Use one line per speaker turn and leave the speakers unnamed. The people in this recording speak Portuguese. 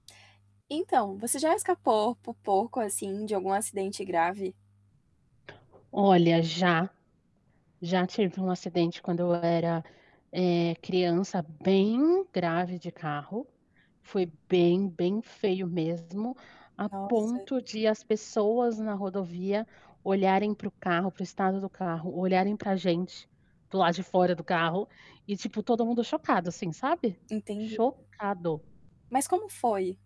Então, você já escapou por pouco, assim, de algum acidente grave?
Olha, já, já tive um acidente quando eu era, eh, criança, bem grave de carro, foi bem, bem feio mesmo, a
Nossa.
ponto de as pessoas na rodovia olharem para o carro, para o estado do carro, olharem para gente, para o lado de fora do carro, e tipo, todo mundo chocado, assim, sabe,
Entendi.
chocado.
Mas como foi?